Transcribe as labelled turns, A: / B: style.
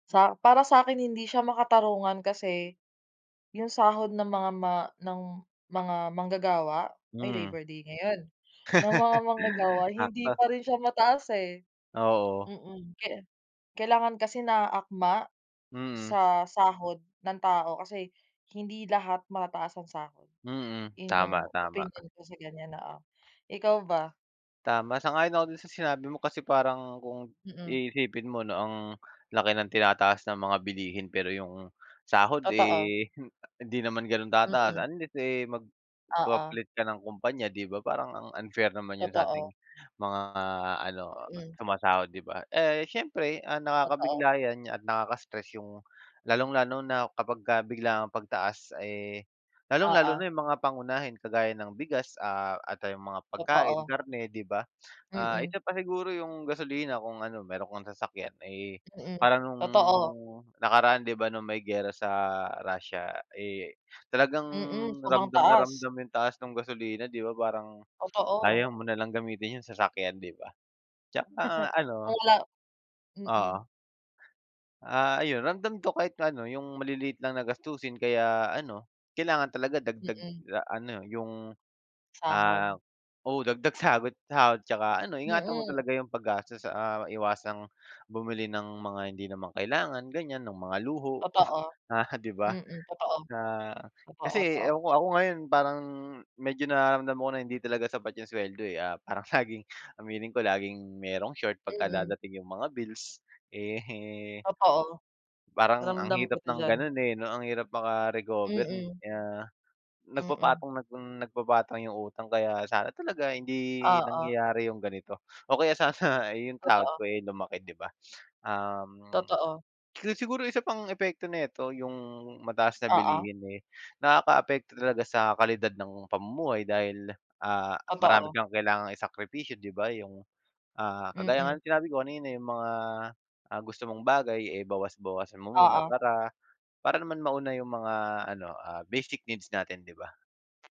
A: Sa para sa 'kin, hindi siya makatarungan kasi 'yung sahod ng mga ma ng mga manggagawa ay
B: Mhm.
A: Labor Day ngayon, ng mga manggagawa, hindi
B: Sakto.
A: pa rin siya mataas eh,
B: Oo.
A: mm. Kaya kailangan kasi naaakma
B: Mm.
A: sa sahod ng tao, kasi hindi lahat mataas ang sahod.
B: Mm,
A: 'Yun 'yung
B: tama, tama.
A: opinyon ko sa ganiyan, oo. Ikaw ba?
B: Tama, sang-ayon ako dun sa sinabi mo kasi parang kung
A: Mm.
B: iisipin mo 'no ang laki ng tinataas ng mga bilihin pero 'yung sahod,
A: Totoo.
B: eh, hindi naman gano'n tataas
A: Mm.
B: unless, eh,
A: Oo.
B: magpapalit ka ng kumpanya, 'di ba. Parang ang unfair naman 'yun sa ating
A: Totoo.
B: mga ano
A: Mm.
B: sumasahod, 'di ba. Eh, siyempre ang
A: Totoo.
B: nakakabigla 'yan at nakaka-stress 'yung lalong-lalo na kapagka biglaang pagtaas, eh, lalong-lalo
A: Oo.
B: na 'yung mga pangunahin kagaya ng bigas ah at, ah, 'yung mga pagkain,
A: Totoo.
B: karne, 'di ba. Ah,
A: Mm.
B: isa pa siguro 'yung gasolina kung ano meron kang sasakyan, eh,
A: Mm,
B: parang nung
A: totoo.
B: nakaraan 'di ba nung may giyera sa Russia, eh, talagang
A: Mm, sobrang
B: ramdam na
A: taas.
B: ramdam 'yung taas nung gasolina, 'di ba parang
A: Totoo.
B: ayaw mo nalang gamitin 'yung sasakyan, 'di ba. 'Tsaka ano
A: Kula mm.
B: Oo. Ah, ayun ramdam ko kahit pa'no 'yung maliliit lang na gastusin kaya ano, kailangan talaga dagdag
A: Mm.
B: a ano 'yung,
A: Sahod.
B: ah oo, dagdag sahod sahod 'tsaka ano ingatan mo
A: Mm.
B: talaga 'yung paggastos, ah, iwasang bumili ng mga hindi naman kailangan ganiyan, ng mga luho,
A: Totoo,
B: ah, 'di ba.
A: mm, totoo.
B: Ah,
A: Totoo,
B: kasi
A: totoo.
B: ewan ko ako ngayon parang medyo nararamdaman ko na hindi talaga sapat 'yung suweldo eh, ah, parang laging, aminin ko, laging merong short pagka
A: Mm.
B: dadating 'yung mga bills eh,
A: Totoo.
B: parang ang
A: Ramdam
B: hirap
A: kita
B: ng
A: diyan.
B: ganun eh 'no, ang hirap maka-recover,
A: Mm.
B: ah,
A: Mm.
B: nagpapatong nang nagpapatong 'yung utang kaya sana talaga hindi
A: Oo.
B: nangyayari 'yung ganito o kaya sana 'yung sahod
A: Totoo.
B: ko, eh, lumaki 'di ba. Um,
A: Totoo.
B: so siguro isa pang epekto nito 'yung mataas na
A: Oo.
B: bilihin, eh, nakakaapekto talaga sa kalidad ng pamumuhay dahil, ah, marami
A: Totoo.
B: kang kailangang isakripisyo, 'di ba 'yung, ah, kagaya nga
A: Mm.
B: ng sinabi ko kanina 'yung mga, ah, gusto mong bagay, eh, bawas-bawasan mo muna
A: Oo.
B: para para naman mauna 'yung mga ano, ah, basic needs natin, 'di ba.